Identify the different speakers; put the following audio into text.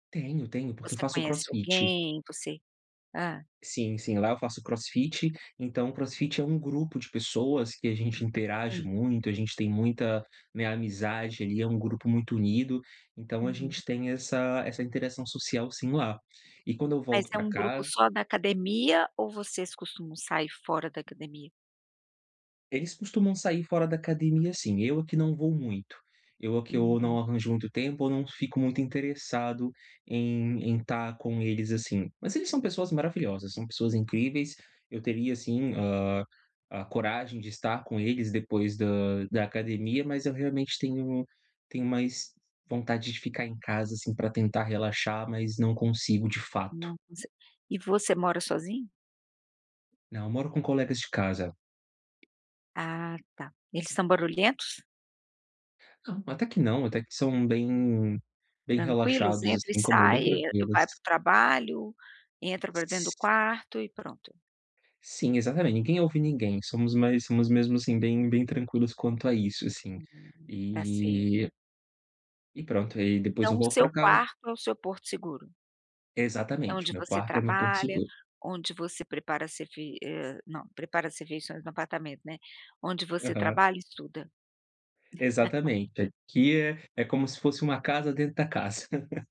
Speaker 1: Tenho, tenho, porque
Speaker 2: Você
Speaker 1: faço o
Speaker 2: conhece
Speaker 1: crossfit.
Speaker 2: alguém, você hã.
Speaker 1: Sim, sim, lá eu faço crossfit, então o crossfit é um grupo de pessoas, que a gente interage
Speaker 2: Sim.
Speaker 1: muito, a gente tem muita, né, amizade, ali, é um grupo muito unido. Então a
Speaker 2: Uhum.
Speaker 1: gente tem essa essa interação social sim lá. E quando eu
Speaker 2: Mas
Speaker 1: volto
Speaker 2: é
Speaker 1: pra
Speaker 2: um grupo
Speaker 1: casa
Speaker 2: só da academia ou vocês costumam sair fora da academia?
Speaker 1: Eles costumam sair fora da academia sim, eu é que não vou muito. Eu é que eu
Speaker 2: Uhum.
Speaker 1: não arranjo muito tempo, ou não fico muito interessado em em tá com eles, assim. Mas eles são pessoas maravilhosas, são pessoas incríveis. Eu teria sim, hã, a coragem de estar com eles depois da da academia, mas eu realmente tenho tenho mais vontade de ficar em casa, assim, pra tentar relaxar, mas não consigo de fato.
Speaker 2: Nossa! E você mora sozinho?
Speaker 1: Não, eu moro com colegas de casa.
Speaker 2: Ah tá, eles são barulhentos?
Speaker 1: Não, até que não, até que são bem bem
Speaker 2: Tranquilos?
Speaker 1: relaxados,
Speaker 2: Entra e
Speaker 1: assim como eu,
Speaker 2: sai,
Speaker 1: bem
Speaker 2: e
Speaker 1: tranquilos.
Speaker 2: vai para o trabalho, entra pra dentro do
Speaker 1: S
Speaker 2: quarto, e pronto.
Speaker 1: Sim, exatamente, ninguém ouve ninguém, somos mais somos mesmo assim, bem bem tranquilos quanto a isso, assim,
Speaker 2: Hum, tá certo.
Speaker 1: e e pronto, e aí depois eu
Speaker 2: Então o
Speaker 1: volto
Speaker 2: seu
Speaker 1: pra ca
Speaker 2: quarto é o seu porto seguro? É
Speaker 1: Exatamente,
Speaker 2: onde
Speaker 1: meu
Speaker 2: você
Speaker 1: quarto é meu porto
Speaker 2: trabalha,
Speaker 1: seguro.
Speaker 2: onde você prepara se vi eh, não, prepara as refeições no apartamento, né. Onde você
Speaker 1: Aham.
Speaker 2: trabalha e estuda.
Speaker 1: Exatamente. Aqui é é como se fosse uma casa dentro da casa.